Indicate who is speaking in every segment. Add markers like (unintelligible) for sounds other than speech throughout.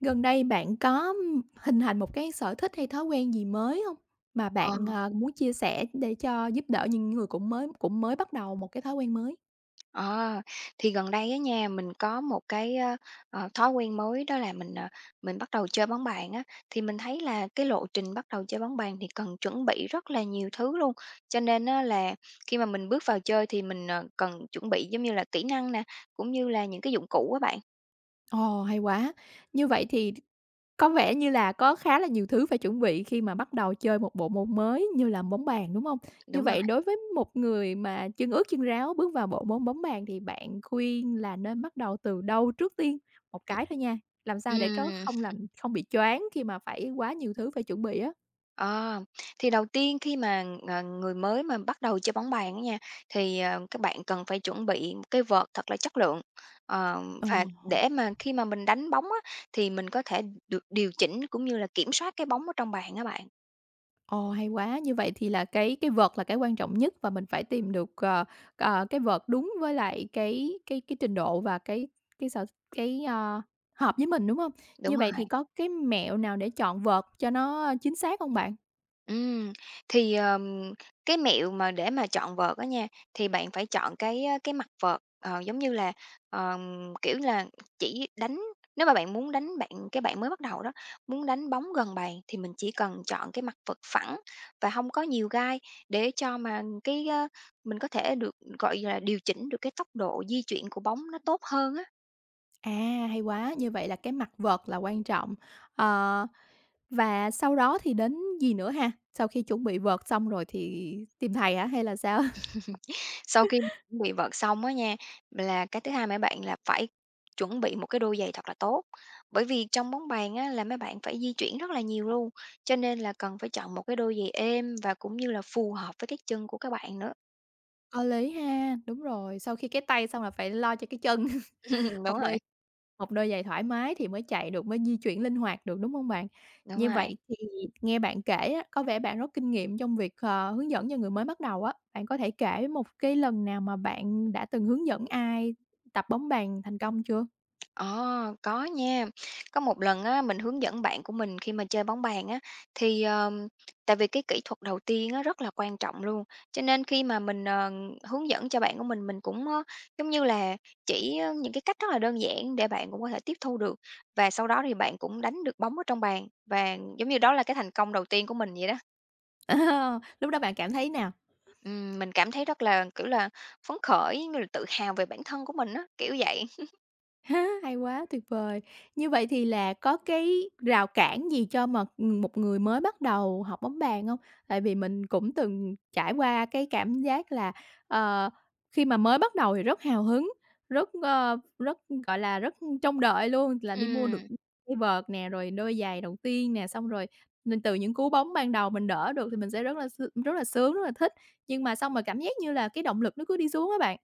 Speaker 1: Gần đây bạn có, ừm, hình thành một cái sở thích hay thói quen gì mới hông, mà bạn,
Speaker 2: Ờ.
Speaker 1: à, muốn chia sẻ để cho giúp đỡ những người cũng mới cũng mới bắt đầu một cái thói quen mới?
Speaker 2: Ờ, thì gần đây á nha, mình có một cái á, ờ, thói quen mới. đó là mình, ờ, mình bắt đầu chơi bóng bàn á. Thì mình thấy là cái lộ trình bắt đầu chơi bóng bàn thì cần chuẩn bị rất là nhiều thứ luôn, cho nên á, là khi mà mình bước vào chơi thì mình, ờ, cần chuẩn bị giống như là kỹ năng nè, cũng như là những cái dụng cụ á bạn.
Speaker 1: Ồ, hay quá! Như vậy thì th có vẻ như là có khá là nhiều thứ phải chuẩn bị khi mà bắt đầu chơi một bộ môn mới như là bóng bàn, đúng hông? Như
Speaker 2: Đúng rồi.
Speaker 1: vậy đối với một người mà chân ướt chân ráo bước vào bộ môn bóng bàn, thì bạn khuyên là nên bắt đầu từ đâu trước tiên? Một
Speaker 2: Ừm.
Speaker 1: cái thôi nha, làm sao để có
Speaker 2: Ừm.
Speaker 1: không làm
Speaker 2: (chuckles)
Speaker 1: không bị choáng khi mà phải quá nhiều thứ phải chuẩn bị á.
Speaker 2: Ờ. Thì đầu tiên khi mà, ờ, người mới mà bắt đầu chơi bóng bàn á nha, thì, ờ, các bạn cần phải chuẩn bị cái vợt thật là chất lượng. Ờ,
Speaker 1: Ồ,
Speaker 2: và
Speaker 1: hồ.
Speaker 2: để mà khi mà mình đánh bóng á, thì mình có thể được điều chỉnh, cũng như là kiểm soát cái bóng ở trong bàn á bạn.
Speaker 1: Ồ, hay quá! Như vậy thì là cái cái vợt là cái quan trọng nhất, và mình phải tìm được, ờ, ờ, cái vợt đúng với lại cái cái cái trình độ và cái cái sở cái, a, hợp với mình, đúng hông? Như
Speaker 2: Đúng
Speaker 1: vậy thì
Speaker 2: rồi!
Speaker 1: có cái mẹo nào để chọn vợt cho nó, a, chính xác hông bạn?
Speaker 2: Ừm, thì, ờm, cái mẹo mà để mà chọn vợt á nha, thì bạn phải chọn cái á cái mặt vợt, ờ, giống như là, ờm, kiểu là, chỉ đánh nếu mà bạn muốn đánh bạn cái bạn mới bắt đầu đó, muốn đánh bóng gần bàn thì mình chỉ cần chọn cái mặt vợt phẳng và hông có nhiều gai, để cho mà cái á mình có thể được, gọi là, điều chỉnh được cái tốc độ di chuyển của bóng nó tốt hơn á.
Speaker 1: À, hay quá! Như vậy là cái mặt vợt là quan trọng. Ờ, và sau đó thì đến gì nữa ha? Sau khi chuẩn bị vợt xong rồi thì tìm thầy hả hay là sao?
Speaker 2: (chuckles) Sau khi
Speaker 1: (chuckles)
Speaker 2: chuẩn bị vợt xong á nha, là cái thứ hai mấy bạn là phải chuẩn bị một cái đôi giày thật là tốt. Bởi vì trong bóng bàn á là mấy bạn phải di chuyển rất là nhiều luôn, cho nên là cần phải chọn một cái đôi giày êm, và cũng như là phù hợp với cái chân của các bạn nữa.
Speaker 1: Có lý ha! Đúng rồi, sau khi cái tay xong là phải lo cho cái chân, (chuckles)
Speaker 2: (chuckles) Đúng
Speaker 1: một đôi đôi
Speaker 2: rồi!
Speaker 1: một đôi giày thoải mái thì mới chạy được, mới di chuyển linh hoạt được, đúng hông bạn?
Speaker 2: Đúng
Speaker 1: Như
Speaker 2: rồi.
Speaker 1: vậy thì nghe bạn kể á, có vẻ bạn rất kinh nghiệm trong việc, ờ, hướng dẫn cho người mới bắt đầu á. Bạn có thể kể một cái lần nào mà bạn đã từng hướng dẫn ai tập bóng bàn thành công chưa?
Speaker 2: Ờ, có nha. Có một lần á mình hướng dẫn bạn của mình khi mà chơi bóng bàn á, thì, ờm, tại vì cái kỹ thuật đầu tiên á rất là quan trọng luôn. Cho nên khi mà mình, ờ, hướng dẫn cho bạn của mình, mình cũng á giống như là chỉ, ơ, những cái cách rất là đơn giản để bạn cũng có thể tiếp thu được, và sau đó thì bạn cũng đánh được bóng ở trong bàn, và giống như đó là cái thành công đầu tiên của mình vậy đó.
Speaker 1: (laughs) Lúc đó bạn cảm thấy nào?
Speaker 2: Ừm, mình cảm thấy rất là, kiểu là, phấn khởi, giống như là tự hào về bản thân của mình á, kiểu vậy. (chuckles)
Speaker 1: (laughs) Hay quá, tuyệt vời! Như vậy thì là có cái rào cản gì cho mà, ừm, một người mới bắt đầu học bóng bàn hông? Tại vì mình cũng từng trải qua cái cảm giác là, ờ, khi mà mới bắt đầu thì rất hào hứng, rất, a, rất, gọi là, rất trông đợi luôn là đi mua được
Speaker 2: Ừm.
Speaker 1: mua vợt nè, rồi đôi giày đầu tiên nè. Xong rồi n từ những cú bóng ban đầu mình đỡ được thì mình sẽ rất là s rất là sướng, rất là thích. Nhưng mà xong rồi cảm giác như là cái động lực nó cứ đi xuống á bạn.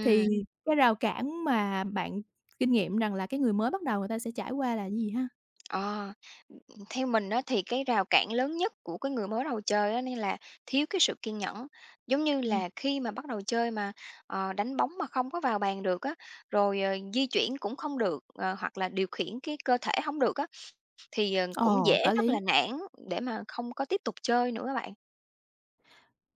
Speaker 1: Thì cái rào cản mà bạn kinh nghiệm rằng là cái người mới bắt đầu người ta sẽ trải qua là gì ha?
Speaker 2: Ờ, ừm, theo mình á thì cái rào cản lớn nhất của cái người mới đầu chơi á, nó như là, thiếu cái sự kiên nhẫn. Giống như
Speaker 1: Ừm.
Speaker 2: là khi mà bắt đầu chơi mà, ờ, đánh bóng mà không có vào bàn được á, rồi, ờ, di chuyển cũng không được, ờ, hoặc là, điều khiển cái cơ thể hông được á, thì, ờ, cũng
Speaker 1: Ồ,
Speaker 2: dễ
Speaker 1: có
Speaker 2: rất là
Speaker 1: lý!
Speaker 2: nản để mà không có tiếp tục chơi nữa á bạn.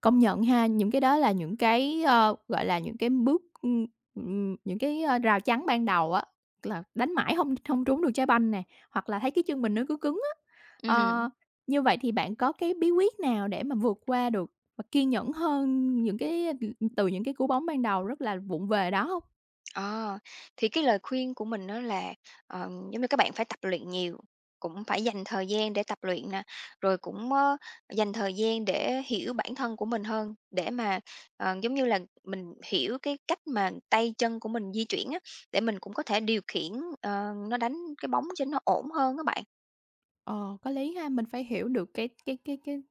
Speaker 1: Công nhận ha, những cái đó là những cái, ờ, gọi là, những cái bước, ưm, ừm, ừm, những cái, a, rào chắn ban đầu á, là đánh mãi hông hông trúng được trái banh nè, hoặc là thấy cái chân mình nó cứ cứng á.
Speaker 2: Ưm,
Speaker 1: Ờ,
Speaker 2: hừm.
Speaker 1: như vậy thì bạn có cái bí quyết nào để mà vượt qua được và kiên nhẫn hơn những cái, ừ, ừm từ những cái cú bóng ban đầu rất là vụng về đó hông?
Speaker 2: Ờ, thì cái lời khuyên của mình á là, ờ, giống như các bạn phải tập luyện nhiều, cũng phải dành thời gian để tập luyện nè, rồi cũng, ờ, dành thời gian để hiểu bản thân của mình hơn, để mà, ờ, giống như là, mình hiểu cái cách mà tay chân của mình di chuyển á, để mình cũng có thể điều khiển, ờ, nó đánh cái bóng cho nó ổn hơn á bạn.
Speaker 1: Ờ, có lý ha, mình phải hiểu được cái cái cái cái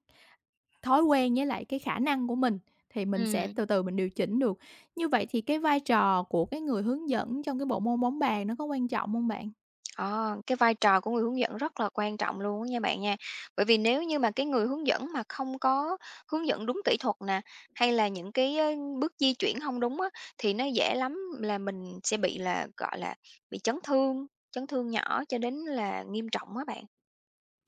Speaker 1: thói quen với lại cái khả năng của mình thì mình sẽ
Speaker 2: Ừm.
Speaker 1: từ từ mình điều chỉnh được. Như vậy thì cái vai trò của cái người hướng dẫn trong cái bộ môn bóng bàn nó có quan trọng hông bạn?
Speaker 2: Ờ, cái vai trò của người hướng dẫn rất là quan trọng luôn á nha bạn nha. Bởi vì nếu như mà cái người hướng dẫn mà không có hướng dẫn đúng kỹ thuật nè, hay là những cái, ờ, bước di chuyển hông đúng á, thì nó dễ lắm là mình sẽ bị là, gọi là, bị chấn thương, chấn thương nhỏ cho đến là nghiêm trọng á bạn.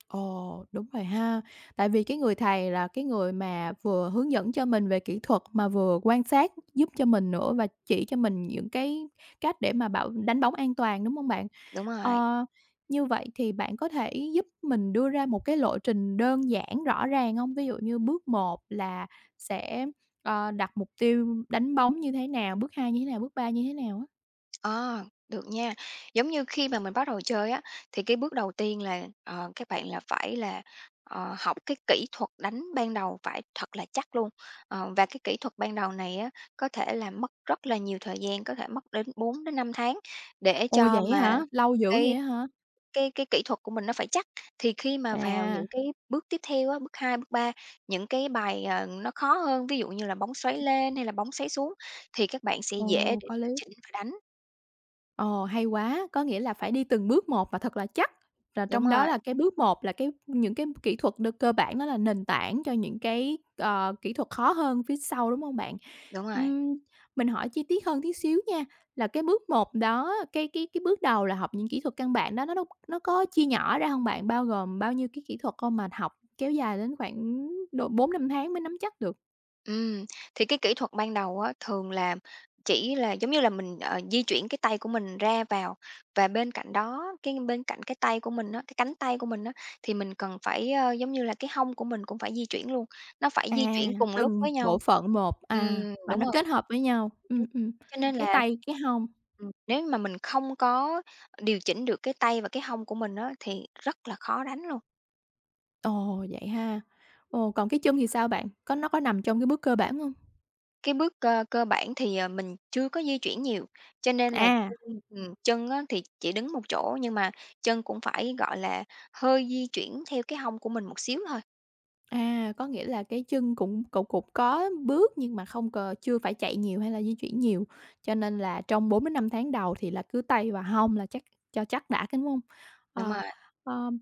Speaker 1: Ồ, đúng rồi ha. Tại vì cái người thầy là cái người mà vừa hướng dẫn cho mình về kỹ thuật mà vừa quan sát giúp cho mình nữa và chỉ cho mình những cái cách để mà bảo đánh bóng an toàn, đúng hông bạn?
Speaker 2: Đúng rồi.
Speaker 1: Ờ, như vậy thì bạn có thể giúp mình đưa ra một cái lộ trình đơn giản rõ ràng hông? Ví dụ như bước 1 là sẽ, ờ, đặt mục tiêu đánh bóng như thế nào, bước 2 như thế nào, bước 3 như thế nào á?
Speaker 2: Ờ, được nha. Giống như khi mà mình bắt đầu chơi á, thì cái bước đầu tiên là, ờ, các bạn là phải là, ờ, học cái kỹ thuật đánh ban đầu phải thật là chắc luôn, ờ, và cái kỹ thuật ban đầu này á, có thể là mất rất là nhiều thời gian, có thể mất đến 4 đến 5 tháng để
Speaker 1: Ồ,
Speaker 2: cho
Speaker 1: vậy á
Speaker 2: mà
Speaker 1: hả? Lâu dữ
Speaker 2: cái
Speaker 1: vậy á hả?
Speaker 2: cái cái kỹ thuật của mình nó phải chắc. Thì khi mà vào
Speaker 1: À.
Speaker 2: những cái bước tiếp theo á, bước 2, bước 3, những cái bài, ờ, nó khó hơn, ví dụ như là bóng xoáy lên hay là bóng xoáy xuống thì các bạn sẽ dễ
Speaker 1: Ồ,
Speaker 2: để
Speaker 1: có
Speaker 2: điều
Speaker 1: lý.
Speaker 2: chỉnh và đánh.
Speaker 1: Ồ, hay quá. Có nghĩa là phải đi từng bước một và thật là chắc là
Speaker 2: Đúng
Speaker 1: trong đó
Speaker 2: rồi.
Speaker 1: là cái bước 1 là cái những cái kỹ thuật đơn cơ bản đó là nền tảng cho những cái, ờ, kỹ thuật khó hơn phía sau, đúng không bạn?
Speaker 2: Đúng rồi.
Speaker 1: Ừm, mình hỏi chi tiết hơn tí xíu nha, là cái bước 1 đó á, cái cái cái bước đầu là học những kỹ thuật căn bản đó nó nó nó có chia nhỏ ra hông bạn? Bao gồm bao nhiêu cái kỹ thuật con mà học kéo dài đến khoảng độ 4-5 tháng mới nắm chắc được.
Speaker 2: Ừm, thì cái kỹ thuật ban đầu á, thường là chỉ là giống như là mình, ờ, di chuyển cái tay của mình ra vào. Và bên cạnh đó, cái bên cạnh cái tay của mình á, cái cánh tay của mình á thì mình cần phải, ờ, giống như là, cái hông của mình cũng phải di chuyển luôn, nó phải
Speaker 1: À,
Speaker 2: di chuyển cùng lúc
Speaker 1: từng
Speaker 2: với
Speaker 1: bộ
Speaker 2: nhau.
Speaker 1: phận một.
Speaker 2: Ừm,
Speaker 1: À, và
Speaker 2: đúng
Speaker 1: nó
Speaker 2: rồi.
Speaker 1: kết hợp với nhau, ừm,
Speaker 2: (unintelligible)
Speaker 1: ừm,
Speaker 2: Cho nên
Speaker 1: cái
Speaker 2: là,
Speaker 1: tay, cái hông.
Speaker 2: ừm, nếu như mà mình không có, ờ, điều chỉnh được cái tay và cái hông của mình á thì rất là khó đánh luôn.
Speaker 1: Ồ! Vậy ha? Ồ, còn cái chân thì sao bạn? Có nó có nằm trong cái bước cơ bản hông?
Speaker 2: Cái bước cơ cơ bản thì, ờ, mình chưa có di chuyển nhiều, cho nên là
Speaker 1: À.
Speaker 2: chân ừm, chân á thì chỉ đứng một chỗ, nhưng mà chân cũng phải, gọi là, hơi di chuyển theo cái hông của mình một xíu thôi.
Speaker 1: À, có nghĩa là cái chân cũng cục cục có bước nhưng mà không cò chưa phải chạy nhiều hay là di chuyển nhiều, cho nên là trong 4-5 tháng đầu thì là cứ tay vào hông là chắc cho chắc đã, đúng hông?
Speaker 2: Đúng
Speaker 1: Ờ,
Speaker 2: rồi.
Speaker 1: ờm,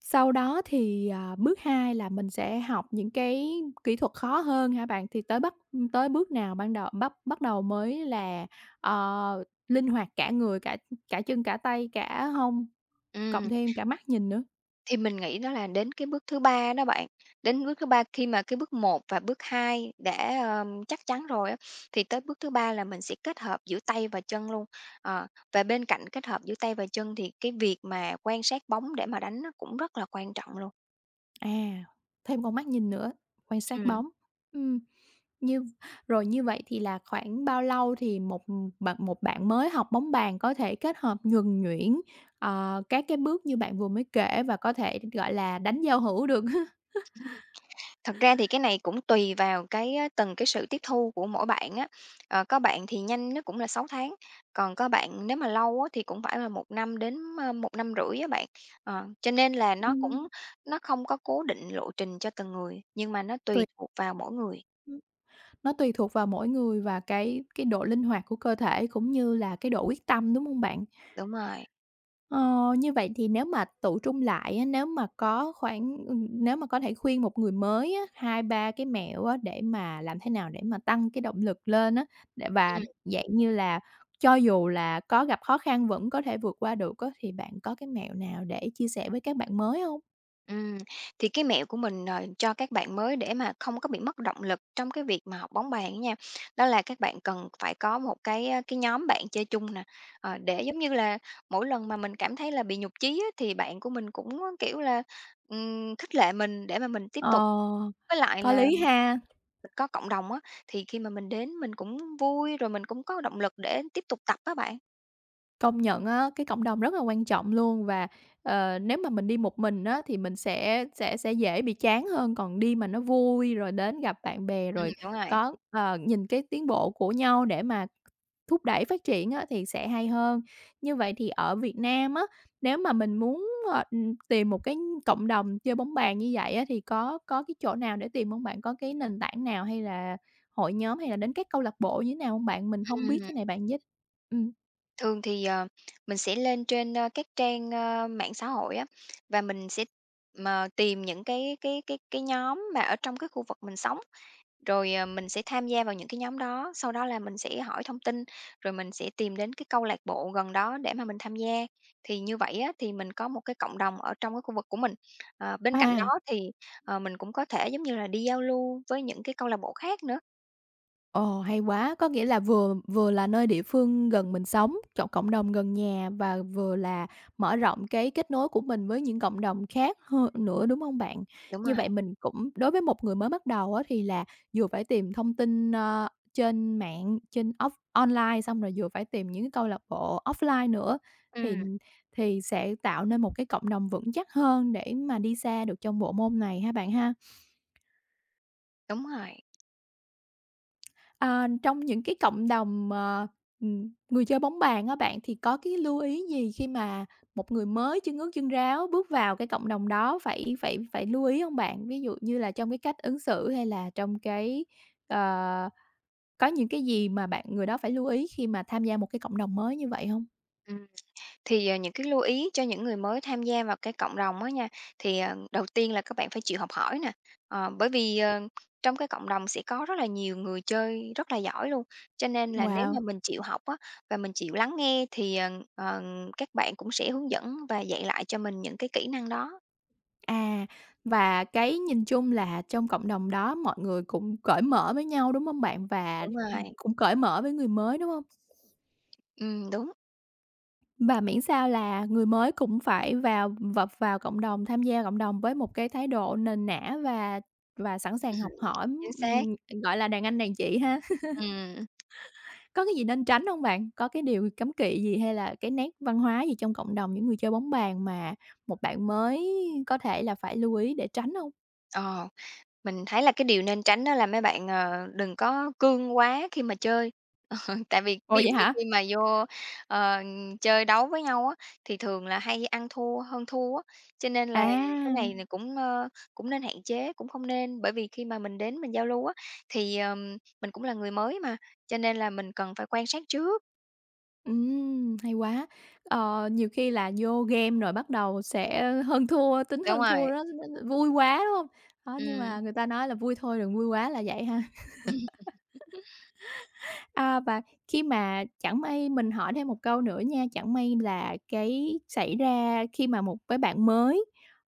Speaker 1: sau đó thì, à, bước 2 là mình sẽ học những cái kỹ thuật khó hơn hả bạn? Thì tới bắt ừm, tới bước nào ban đầu bắt bắt đầu mới là, ờ, linh hoạt cả người, cả, ừ, cả chân, cả tay, cả hông, cộng
Speaker 2: Ừm.
Speaker 1: thêm cả mắt nhìn nữa?
Speaker 2: Thì mình nghĩ đó là đến cái bước thứ 3 đó bạn. Đến bước thứ 3 khi mà cái bước 1 và bước 2 đã, ờ, chắc chắn rồi á, thì tới bước thứ 3 là mình sẽ kết hợp giữa tay và chân luôn. Ờ, và bên cạnh kết hợp giữa tay và chân thì cái việc mà quan sát bóng để mà đánh nó cũng rất là quan trọng luôn.
Speaker 1: À, thêm con mắt nhìn nữa, quan sát
Speaker 2: Ừm.
Speaker 1: bóng. Ừm, như rồi, như vậy thì là khoảng bao lâu thì một, ừm mà một bạn mới học bóng bàn có thể kết hợp nhuần nhuyễn, à, các cái bước như bạn vừa mới kể và có thể, gọi là, đánh giao hữu được? (chuckles)
Speaker 2: Thật ra thì cái này cũng tùy vào cái á từng cái sự tiếp thu của mỗi bạn á. Ờ, có bạn thì nhanh nhất cũng là 6 tháng, còn các bạn nếu mà lâu á, thì cũng phải là 1 năm đến, à, 1,5 năm á bạn. Ờ, cho nên là nó
Speaker 1: Ừm.
Speaker 2: cũng nó không có cố định lộ trình cho từng người, nhưng mà nó
Speaker 1: Tuỳ.
Speaker 2: tùy thuộc vào mỗi người.
Speaker 1: Hừm, nó tùy thuộc vào mỗi người và cái cái độ linh hoạt của cơ thể cũng như là cái độ quyết tâm, đúng hông bạn?
Speaker 2: Đúng rồi.
Speaker 1: Ờ. Như vậy thì nếu mà tựu trung lại á, nếu mà có khoảng, ừm nếu mà có thể khuyên một người mới á, 2-3 cái mẹo á, để mà làm thế nào để mà tăng cái động lực lên á để và
Speaker 2: Ừm.
Speaker 1: dạng như là cho dù là có gặp khó khăn vẫn có thể vượt qua được á, thì bạn có cái mẹo nào để chia sẻ với các bạn mới hông?
Speaker 2: Ừm, thì cái mẹo của mình, ờ, cho các bạn mới để mà không có bị mất động lực trong cái việc mà học bóng bàn á nha, đó là các bạn cần phải có một cái, ơ, cái nhóm bạn chơi chung nè. Ờ, để giống như là mỗi lần mà mình cảm thấy là bị nhụt chí á, thì bạn của mình cũng kiểu là, ừm, khích lệ mình để mà mình tiếp
Speaker 1: Ờ,
Speaker 2: tục. Với lại
Speaker 1: có
Speaker 2: là
Speaker 1: lý ha.
Speaker 2: mình có cộng đồng á, thì khi mà mình đến mình cũng vui, rồi mình cũng có động lực để tiếp tục tập á bạn.
Speaker 1: Công nhận á, cái cộng đồng rất là quan trọng luôn. Và, ờ, nếu mà mình đi một mình á, thì mình sẽ sẽ sẽ dễ bị chán hơn, còn đi mà nó vui, rồi đến gặp bạn bè,
Speaker 2: Ừm,
Speaker 1: rồi
Speaker 2: đúng rồi.
Speaker 1: có ờ, nhìn cái tiến bộ của nhau để mà thúc đẩy phát triển á, thì sẽ hay hơn. Như vậy thì ở Việt Nam á, nếu mà mình muốn, ờ, tìm một cái cộng đồng chơi bóng bàn như vậy á, thì có có cái chỗ nào để tìm hông bạn? Có cái nền tảng nào hay là hội nhóm hay là đến các câu lạc bộ như thế nào hông bạn? Mình hông biết
Speaker 2: Ừm.
Speaker 1: cái này, bạn giới Ừm.
Speaker 2: Thường thì, ờ, mình sẽ lên trên, ơ, các trang, ơ, mạng xã hội á, và mình sẽ, ờ, tìm những cái cái cái cái nhóm mà ở trong cái khu vực mình sống, rồi, ờ, mình sẽ tham gia vào những cái nhóm đó. Sau đó là mình sẽ hỏi thông tin, rồi mình sẽ tìm đến cái câu lạc bộ gần đó để mà mình tham gia. Thì như vậy á, thì mình có một cái cộng đồng ở trong cái khu vực của mình. Ờ, bên cạnh đó
Speaker 1: À.
Speaker 2: thì, ờ, mình cũng có thể giống như là đi giao lưu với những cái câu lạc bộ khác nữa.
Speaker 1: Ồ, hay quá! Có nghĩa là vừa vừa là nơi địa phương gần mình sống, chọn cộng đồng gần nhà, và vừa là mở rộng cái kết nối của mình với những cộng đồng khác h nữa, đúng hông bạn?
Speaker 2: Đúng
Speaker 1: Như
Speaker 2: rồi.
Speaker 1: vậy mình cũng đối với một người mới bắt đầu á, thì là vừa phải tìm thông tin, ơ, trên mạng, trên off online, xong rồi vừa phải tìm những cái câu lạc bộ offline nữa, thì
Speaker 2: Ừm.
Speaker 1: thì sẽ tạo nên một cái cộng đồng vững chắc hơn để mà đi xa được trong bộ môn này ha bạn ha?
Speaker 2: Đúng rồi.
Speaker 1: À, trong những cái cộng đồng mà, ừm, người chơi bóng bàn á bạn, thì có cái lưu ý gì khi mà một người mới chân ướt chân ráo bước vào cái cộng đồng đó phải phải phải lưu ý hông bạn? Ví dụ như là trong cái cách ứng xử, hay là trong cái, ờ có những cái gì mà bạn người đó phải lưu ý khi mà tham gia một cái cộng đồng mới như vậy hông?
Speaker 2: Ừm. Thì, ờ, những cái lưu ý cho những người mới tham gia vào cái cộng đồng á nha, thì, ờ, đầu tiên là các bạn phải chịu học hỏi nè. Ờ, bởi vì, ờ, trong cái cộng đồng sẽ có rất là nhiều người chơi rất là giỏi luôn, cho nên là nếu mà
Speaker 1: Wow!
Speaker 2: mình chịu học á, và mình chịu lắng nghe, thì, ờ, ờ, các bạn cũng sẽ hướng dẫn và dạy lại cho mình những cái kỹ năng đó.
Speaker 1: À, và cái nhìn chung là trong cộng đồng đó mọi người cũng cởi mở với nhau, đúng hông bạn? Và,
Speaker 2: Đúng
Speaker 1: ừm,
Speaker 2: rồi.
Speaker 1: cũng cởi mở với người mới, đúng hông?
Speaker 2: Ừm, đúng.
Speaker 1: Và miễn sao là người mới cũng phải vào vập vào cộng đồng, tham gia cộng đồng với một cái thái độ nền nã và và sẵn sàng
Speaker 2: Ừm
Speaker 1: học
Speaker 2: hưm,
Speaker 1: hỏi,
Speaker 2: chính xác.
Speaker 1: ừm, ừm, gọi là, đàn anh đàn chị ha? (laughs)
Speaker 2: Ừm.
Speaker 1: Có cái gì nên tránh hông bạn? Có cái điều cấm kỵ gì hay là cái nét văn hóa gì trong cộng đồng những người chơi bóng bàn, mà một bạn mới có thể là phải lưu ý để tránh hông?
Speaker 2: Ờ, mình thấy là cái điều nên tránh á, là mấy bạn, ờ, đừng có cương quá khi mà chơi. (chuckles) Tại vì
Speaker 1: Ồ,
Speaker 2: ví dụ
Speaker 1: vậy
Speaker 2: như
Speaker 1: hả?
Speaker 2: khi mà vô, ờ, chơi đấu với nhau á, thì thường là hay ăn thua, hơn thua á, cho nên là cái này
Speaker 1: À.
Speaker 2: là cũng, ờ, cũng nên hạn chế, cũng hông nên. Bởi vì khi mà mình đến mình giao lưu á, thì, ờm, mình cũng là người mới mà, cho nên là mình cần phải quan sát trước.
Speaker 1: Ừm, hay quá. Ờ, nhiều khi là vô game rồi bắt đầu sẽ hơn thua, tính
Speaker 2: Đúng
Speaker 1: hơn thua
Speaker 2: rồi.
Speaker 1: đó, vui quá, đúng hông? Đó, nhưng mà
Speaker 2: Ừm.
Speaker 1: người ta nói là vui thôi, đừng vui quá là vậy ha.
Speaker 2: (laughs)
Speaker 1: (laughs) À, và khi mà chẳng may mình hỏi thêm một câu nữa nha, chẳng may là cái xảy ra khi mà một cái bạn mới,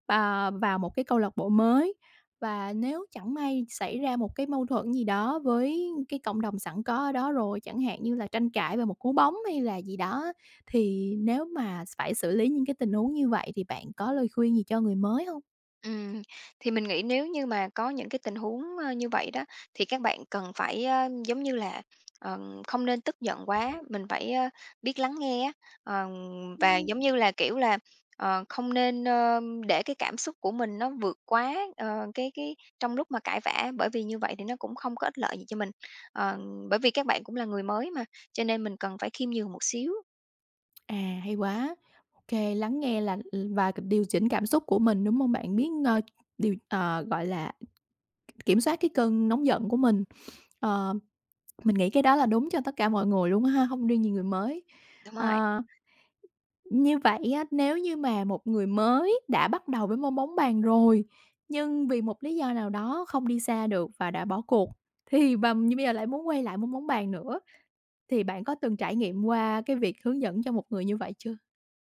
Speaker 1: à, vào một cái câu lạc bộ mới, và nếu chẳng may xảy ra một cái mâu thuẫn gì đó với cái cộng đồng sẵn có ở đó rồi, chẳng hạn như là tranh cãi về một cú bóng hay là gì đó. Thì nếu mà phải xử lý những cái tình huống như vậy, thì bạn có lời khuyên gì cho người mới hông?
Speaker 2: Ừm, thì mình nghĩ nếu như mà có những cái tình huống, ơ, như vậy đó, thì các bạn cần phải á, giống như là, ờ, không nên tức giận quá, mình phải á, biết lắng nghe á. Ờ, và
Speaker 1: Ừm.
Speaker 2: giống như là, kiểu là, ờ, không nên, ơ, để cái cảm xúc của mình nó vượt quá, ờ, cái, cái, trong lúc mà cãi vã, bởi vì như vậy thì nó cũng không có ích lợi gì cho mình. Ờ, bởi vì các bạn cũng là người mới mà, cho nên mình cần phải khiêm nhường một xíu.
Speaker 1: À, hay quá. OK. Lắng nghe là ờ, và điều chỉnh cảm xúc của mình, đúng hông bạn? Biết, ơ, điều ờ, gọi là, k kiểm soát cái cơn nóng giận của mình. Ờ, mình nghĩ cái đó là đúng cho tất cả mọi người luôn á ha, hông riêng gì người mới.
Speaker 2: Đúng rồi.
Speaker 1: Ờ, như vậy á, nếu như mà một người mới đã bắt đầu với môn bóng bàn rồi, nhưng vì một lý do nào đó không đi xa được và đã bỏ cuộc, thì và như bây giờ lại muốn quay lại môn bóng bàn nữa, thì bạn có từng trải nghiệm qua cái việc hướng dẫn cho một người như vậy chưa?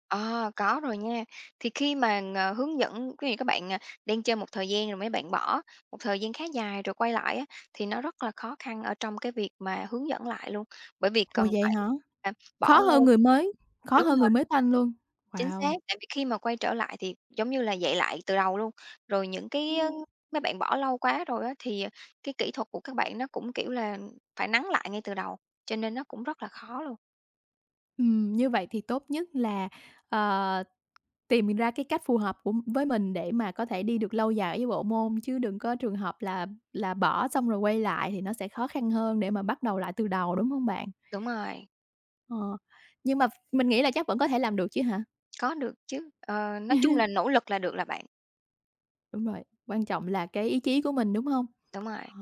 Speaker 2: À, có rồi nha. Thì khi mà, ờ, hướng dẫn ví dụ các bạn, à, đang chơi một thời gian rồi mấy bạn bỏ một thời gian khá dài rồi quay lại á, thì nó rất là khó khăn ở trong cái việc mà hướng dẫn lại luôn. Bởi vì
Speaker 1: Ủa,
Speaker 2: cần
Speaker 1: vậy
Speaker 2: phải,
Speaker 1: hả?
Speaker 2: à, bỏ
Speaker 1: Khó hơn
Speaker 2: ra
Speaker 1: người mới, khó
Speaker 2: đúng
Speaker 1: hơn
Speaker 2: rồi.
Speaker 1: người mới toanh luôn?
Speaker 2: Chính xác,
Speaker 1: Wow.
Speaker 2: tại vì khi mà quay trở lại thì giống như là dạy lại từ đầu luôn. Rồi những cái á,
Speaker 1: Ừm.
Speaker 2: mấy bạn bỏ lâu quá rồi á, thì, ờ, cái kỹ thuật của các bạn nó cũng, kiểu là, phải nắn lại ngay từ đầu, cho nên nó cũng rất là khó luôn.
Speaker 1: Ừm, như vậy thì tốt nhất là, ờ, tìm mình ra cái cách phù hợp của với mình để mà có thể đi được lâu dài với bộ môn, chứ đừng có trường hợp là là bỏ xong rồi quay lại, thì nó sẽ khó khăn hơn để mà bắt đầu lại từ đầu, đúng hông bạn?
Speaker 2: Đúng rồi.
Speaker 1: Ờ, nhưng mà ph mình nghĩ là chắc vẫn có thể làm được chứ hả?
Speaker 2: Có được chứ. Ờ, nói chung là
Speaker 1: (chuckles)
Speaker 2: nỗ lực là được là bạn.
Speaker 1: Đúng rồi, quan trọng là cái ý chí của mình, đúng hông?
Speaker 2: Đúng rồi.
Speaker 1: Ờ,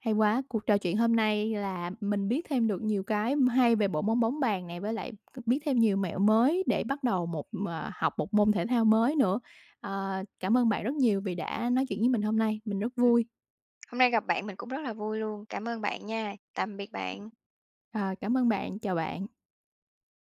Speaker 1: hay quá. Cuộc trò chuyện hôm nay là mình biết thêm được nhiều cái hay về bộ môn bóng bàn này, với lại biết thêm nhiều mẹo mới để bắt đầu một, ờ học một môn thể thao mới nữa. Ờ, cảm ơn bạn rất nhiều vì đã nói chuyện với mình hôm nay, mình rất
Speaker 2: Ừm.
Speaker 1: vui.
Speaker 2: Hôm nay gặp bạn mình cũng rất là vui luôn. Cảm ơn bạn nha. Tạm biệt bạn.
Speaker 1: Ờ, cảm ơn bạn, chào bạn.